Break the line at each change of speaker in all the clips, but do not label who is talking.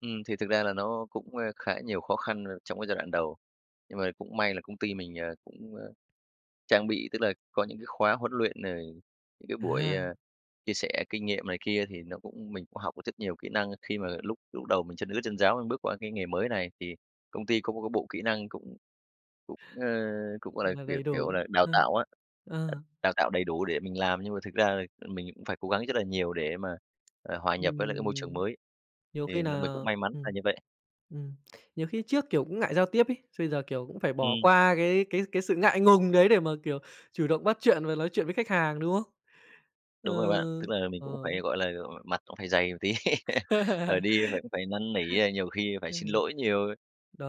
Ừm, thì thực ra là nó cũng, ơ, khá nhiều khó khăn rồi trong cái giai đoạn đầu. Nhưng mà cũng may là công ty mình, ờ, cũng, ơ, trang bị, tức là có những cái khóa huấn luyện, rồi những cái buổi,
À.
ờ, chia sẻ kinh nghiệm này kia thì nó cũng mình cũng học được rất nhiều kỹ năng khi mà lúc lúc đầu mình chân ướt chân ráo, mình bước qua cái nghề mới này thì công ty có một cái bộ kỹ năng cũng cũng, ơ, cũng, gọi là,
Là
kiểu,
đầy
kiểu
đủ.
là, đào
Ơ.
tạo á,
Ờ.
đào tạo đầy đủ để mình làm, nhưng mà thực ra là mình cũng phải cố gắng rất là nhiều để mà, à, hòa
Ừm,
nhập với lại
ừm,
cái môi trường
ừm.
mới.
Nhiều khi
Thì là
nà,
mình cũng may mắn là
ừm,
như vậy.
ừm, nhiều khi trước kiểu cũng ngại giao tiếp ấy, bây giờ, kiểu, cũng phải bỏ
Ừm.
qua cái cái cái sự ngại ngùng đấy để mà, kiểu, chủ động bắt chuyện và nói chuyện với khách hàng, đúng không?
Đúng
Ơ,
rồi bạn, tức là mình
ờ.
cũng phải, gọi là, ờ, mặt cũng phải dày một tí, rồi đi phải phải năn nỉ, a, nhiều khi phải xin
Ừm.
lỗi nhiều.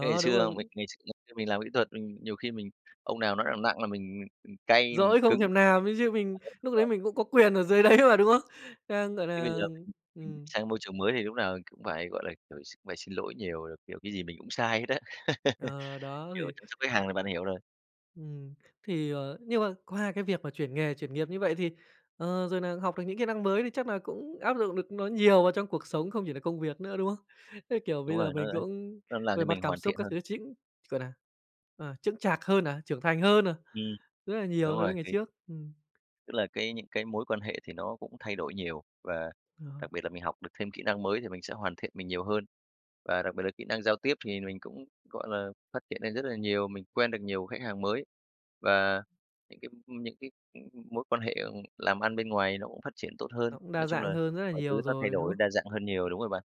Thế ngày
đúng
xưa mình
rồi.
ngày xưa thật như mình làm kỹ thuật, ừm, nhiều khi mình ông nào nói nặng nặng là mình, ừ, ừ, cay mình
Dỗi không
cứng
thèm
[unintelligible]
làm ấy chứ, mình lúc đấy
rồi.
mình cũng có quyền ở dưới đấy mà, đúng không? Đang gọi
Thế bây
là
giờ [unintelligible]
ừm.
sang môi trường mới thì lúc nào cũng phải, gọi là, kiểu, x phải xin lỗi nhiều, rồi, kiểu, cái gì mình cũng sai hết á.
Ờ, đó
Kiểu
thì
chăm sóc khách hàng là bạn hiểu rồi.
Ừm. Thì, ờ, nhưng mà qua cái việc mà chuyển nghề, chuyển nghiệp như vậy thì, ờ, rồi nà học được những kỹ năng mới thì chắc là cũng áp dụng được nó nhiều vào trong cuộc sống không chỉ là công việc nữa, đúng không? Thế, kiểu,
Đúng
bây giờ
rồi, nói
mình
đến
cũng
nó làm
về
cho
mặt
mình
cảm
hoàn
xúc
thiện
các
hơn.
thứ chính, gọi nà, à, chững chạc hơn nè, trưởng thành hơn nè,
Ừm.
rất là nhiều
Đúng
so
rồi
với ngày
thì
trước. Ừm.
tức là cái những cái mối quan hệ thì nó cũng thay đổi nhiều và
Ờ.
đặc biệt là mình học được thêm kỹ năng mới, thì mình sẽ hoàn thiện mình nhiều hơn. Và đặc biệt là kỹ năng giao tiếp thì mình cũng, gọi là, phát triển lên rất là nhiều, mình quen được nhiều khách hàng mới và những cái những cái, ừ, mối quan hệ, ừm, làm ăn bên ngoài nó cũng phát triển tốt hơn.
Nó cũng
Nói
đa
chung
dạng
là
hơn rất là
mọi thứ
nhiều
nó thay
rồi, đúng
đổi
không?
đa dạng hơn nhiều, đúng rồi bạn.